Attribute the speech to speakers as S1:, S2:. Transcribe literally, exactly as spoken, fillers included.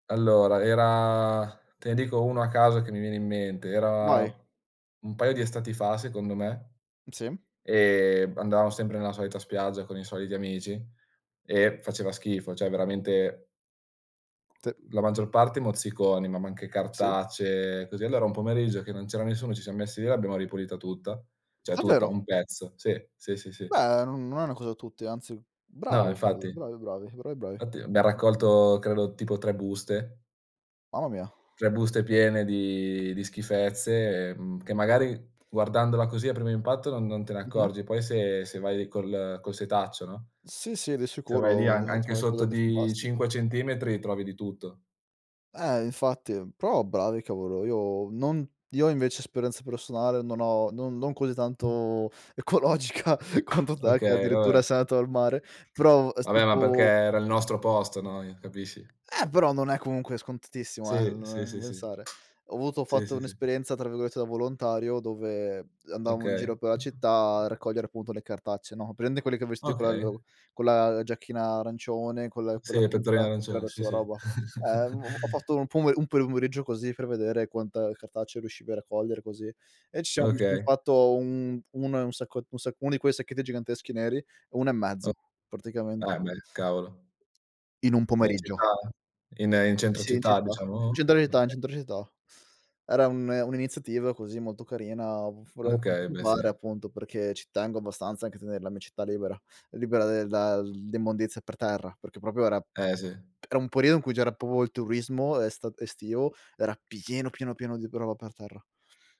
S1: Allora, era te ne dico uno a caso che mi viene in mente. Era
S2: Vai.
S1: un paio di estati fa, secondo me,
S2: Sì.
S1: e andavamo sempre nella solita spiaggia, con i soliti amici e faceva schifo, ceh, veramente c
S2: T
S1: uhm, la maggior parte mozziconi, ma ma anche
S2: Sì.
S1: cartacce, così. Allora, un pomeriggio che non c'era nessuno, ci siam messi lì e l'abbiamo ripulita tutta. ceh, tutta,
S2: Davvero?
S1: un pezzo. Sì, sì, sì, sì.
S2: Beh, non non è una cosa da tutti, anzi,
S1: No,
S2: bravo, cavolo.
S1: infatti.
S2: Bravi, bravi. Bravi, bravi
S1: nfatti, abbiam
S2: [unintelligible]
S1: raccolto, credo, tipo, tre buste.
S2: Mamma mia.
S1: tre buste piene di di schifezze, ehm, che, magari, guardandola così, a primo impatto, non non te ne
S2: Mh-mh.
S1: accorgi. Poi, se se vai col col setaccio, no?
S2: Sì, sì, di
S1: Se vai lì,
S2: sicuro,
S1: an
S2: [unintelligible]
S1: anche sotto
S2: qualcosa di
S1: di
S2: fantastico.
S1: cinque centimetri, trovi di tutto.
S2: Eh, infatti, però, bravi, cavolo, io non io, invece, esperienza personale, non ho non non così tanto ecologica quanto te che,
S1: Okay,
S2: addirittura,
S1: vabbè.
S2: sei andato al mare, però, s
S1: Vabbè, ma perché
S2: tipo
S1: era il nostro posto, noi, capisci?
S2: Eh, però non è comunque scontatissimo, eh,
S1: Sì, sì,
S2: non
S1: sì,
S2: [unintelligible]
S1: sì.
S2: pensare. Ho avuto ho
S1: Sì,
S2: fatto
S1: sì, sì.
S2: un'esperienza tra virgolette "da volontario", dove andavamo in
S1: Okay.
S2: giro per la città a raccogliere, appunto ,le cartacce, no. Hai presente quelli che vesti
S1: Okay.
S2: quello con la giacchina arancione, con la con
S1: Sì,
S2: la
S1: la pettorina
S2: pinza che
S1: arancione.
S2: tira su
S1: Sì,
S2: la
S1: sì.
S2: roba? Eh, mhmm, ho fatto un pome un peumeriggio così, per vedere quanta cartacce riuscivi a raccogliere, così. E ci siamo mi son
S1: Okay.
S2: fatto un uno e un sacco uno sacco uno di quei sacchetti giganteschi neri, uno e mezzo,
S1: O
S2: praticamente.
S1: Eh, beh, cavolo.
S2: In un
S1: Ma in
S2: pomeriggio.
S1: città? In in
S2: Sì,
S1: centro
S2: sì, in
S1: città,
S2: città,
S1: diciamo?
S2: in centro città, in
S1: oka.
S2: centro città. Era un un'iniziativa, così, molto carina, folevo,
S1: Okay, beh,
S2: [unintelligible]
S1: sì.
S2: appunto, perché ci tengo abbastanza anche a tener la mia città libera, libera del da l'immondizia per terra, perché proprio era
S1: Eh, sì.
S2: era un periodo in cui c'era popo il turismo esta estivo, era pieno, pieno, pieno di roba per terra.